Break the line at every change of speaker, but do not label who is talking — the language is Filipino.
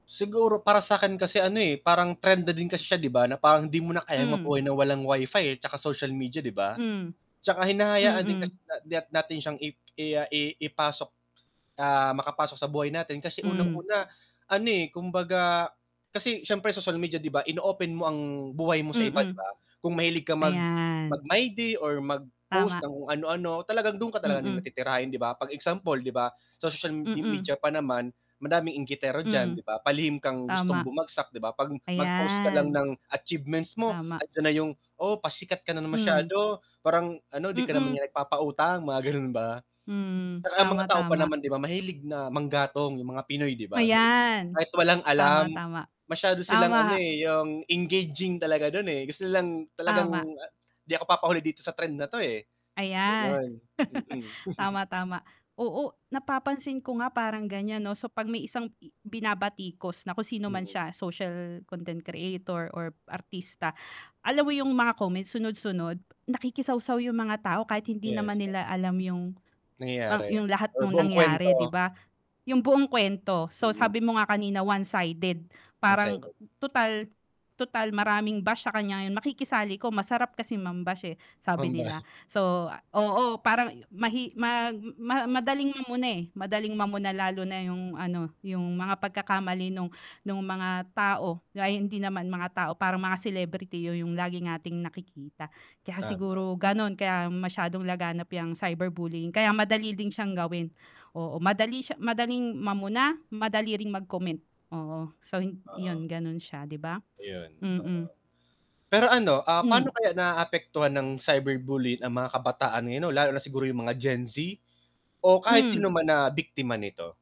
Siguro para sa akin kasi ano, eh, parang trend na din kasi siya 'di ba na parang di mo na kayang
Hmm.
mabuhay na walang Wi-Fi, eh, tsaka social media, 'di ba?
Hmm,
'Tsaka hinahayaan din kasi
mm.
nat natin siyang i i ah i ipasok, ah, makapasok sa buhay natin kasi
Hmm.
unang-una ano, eh, kumbaga kasi siyempre social media 'di ba, in-open mo ang buhay mo sa iba 'di
Mm,
ba? Kung mahilig ka mag
ayan.
mag-my day or mag-post
Tama.
ng kung ano-ano, talagang dun ka talaga nila
Mm.
titirahin 'di ba? Pag example 'di ba, sa social me
Mm.
media pa naman madaming inggitero diyan,
Hmm,
'di ba? Palihim kang gustong
tama.
bumagsak 'di ba, pag mag-post ka lang
Ayan
ng achievements mo
Tama.
andiyan na yung, "Oh, pasikat ka na
Hmm.
masyado," parang ano, "Di ka naman
Mm.
nagpapautang," mga gano'n ba.
Hmm,
Ang mga
tama,
tao pa
tama.
naman 'di ba, mahilig na manggatong yung mga Pinoy 'di ba,
Ayan,
kahit walang
tama,
alam
tama,
masyado silang
tama.
ano, eh, yung engaging talaga dun, eh, gusto lang talagang
Tama.
'di ako papahuli dito sa trend na 'to, eh,
Ayan,
gano'n, mm.
tama, tama, oo, napapansin ko nga parang gan'yan 'no, so pag may isang i binabatikos na kung sino man
Mm.
siya, social content creator or artista. Alam mo yung mga comments, sunod-sunod nakikisawsaw yung mga tao kahit hindi
Yes,
naman nila
oo.
alam yung mang
Nangyayari
yung lahat
or
nung
buong
nangyari 'di
kuwento.
ba, yung buong kwento. So,
Mm.
sabi mo nga kanina one sided
1
parang,
second.
"Tutal, tutal maraming bash sa kanya ngayon makikisali 'ko masarap kasi mam-bash, eh," sabi nila.
Pam-bash.
So, oo, parang mahi mag ma madaling mamuna, eh, madaling mamuna lalo na yung ano yung mga pagkakamali nung, nung mga tao ay hindi naman mga tao parang mga celebrity yung lagi nating nakikita. Kaya
Tama.
siguro gano'n kaya masyadong laganap yang cyberbullying kaya madali din siyang gawin, oo madali siya, madaling mauna madali ring mag-comment, oo so
Oo.
'yon gano'n siya 'di ba?
Ayun, oo
Mm.
pero ano, ah, paano
Hmm.
kaya naapektuhan ng cyberbullying ang mga kabataan ngayon lalo na siguro yung mga Gen Z o kahit
Hmm.
sino man na biktima nito?